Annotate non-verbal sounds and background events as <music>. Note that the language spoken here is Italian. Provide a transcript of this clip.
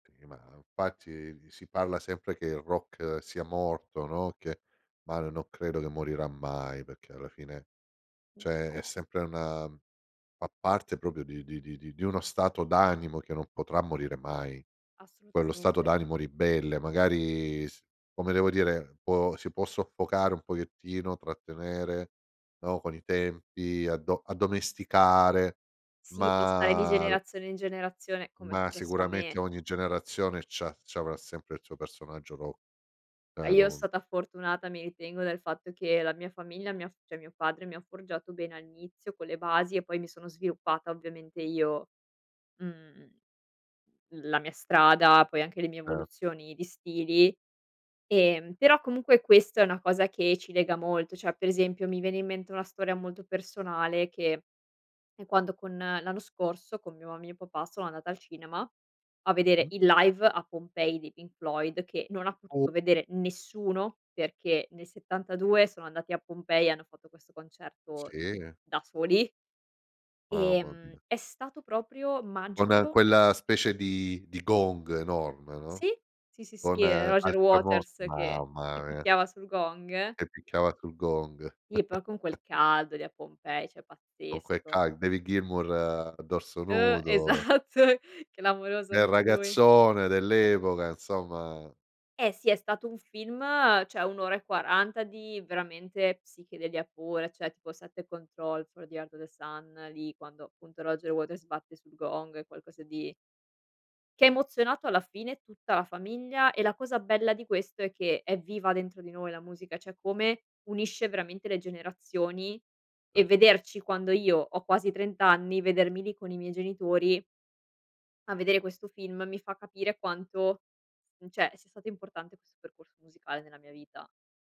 Sì, ma infatti si parla sempre che il rock sia morto, no, che ma l no credo che morirà mai, perché alla fine Mh. cioè è No. sempre una fa parte proprio di di di di uno stato d'animo che non potrà morire mai. Quello stato Assolutamente! d'animo ribelle, magari s come devo dire, può si può soffocare un pochettino, trattenere, no, con i tempi addo addomesticare, Sì, passare di ma l generazione in generazione. Com'è ma successo a sicuramente me. ogni generazione c'ha c'avrà sempre il suo personaggio ro Eh, e io non stata fortunata, mi ritengo, dal fatto che la mia famiglia mi ha f cioè mio padre, mi ha forgiato bene all'inizio con le basi e poi mi sono sviluppata ovviamente io, mhmm, la mia strada, poi anche le mie Ce evoluzioni di stili. Ehm, però comunque questo è una cosa che ci lega molto, cioè per esempio mi viene in mente una storia molto personale che è quando con l'anno scorso con mio mio papà sono andata al cinema a vedere Mh-mh. il live a Pompei dei Pink Floyd che non ha U potuto vedere nessuno perché nel '72 sono andati a Pompei e hanno fatto questo concerto, Sì, eh da soli. Mamma Ehm, mia! è stato proprio Con magico. quella specie di di gong enorme, no? Sì, sì, sì, sì, Con e Roger altra vo Waters che che mamma mia! picchiava sul gong. Che picchiava sul gong. Sì, poi con quel <chuckles> caldo lì a Pompei, cioè Con quel pazzesco. cai David Gilmour a dorso Uh! nudo. Esatto. Clamoroso Bel anche lui. ragazzone dell'epoca, insomma. Eh sì! È stato un film cioè 1 ora e 40 di, veramente, psichedelia pura, cioè tipo Set the Controls for the Heart of the Sun, lì quando appunto Roger Waters batte sul gong, è qualcosa di che ha emozionato alla fine tutta la famiglia, e la cosa bella di questo è che è viva dentro di noi la musica, cioè come unisce veramente le generazioni e Cert vederci quando io ho quasi 30 anni, vedermi lì con i miei genitori a vedere questo film mi fa capire quanto, mhmm, cioè, sia stato importante questo percorso musicale nella mia vita.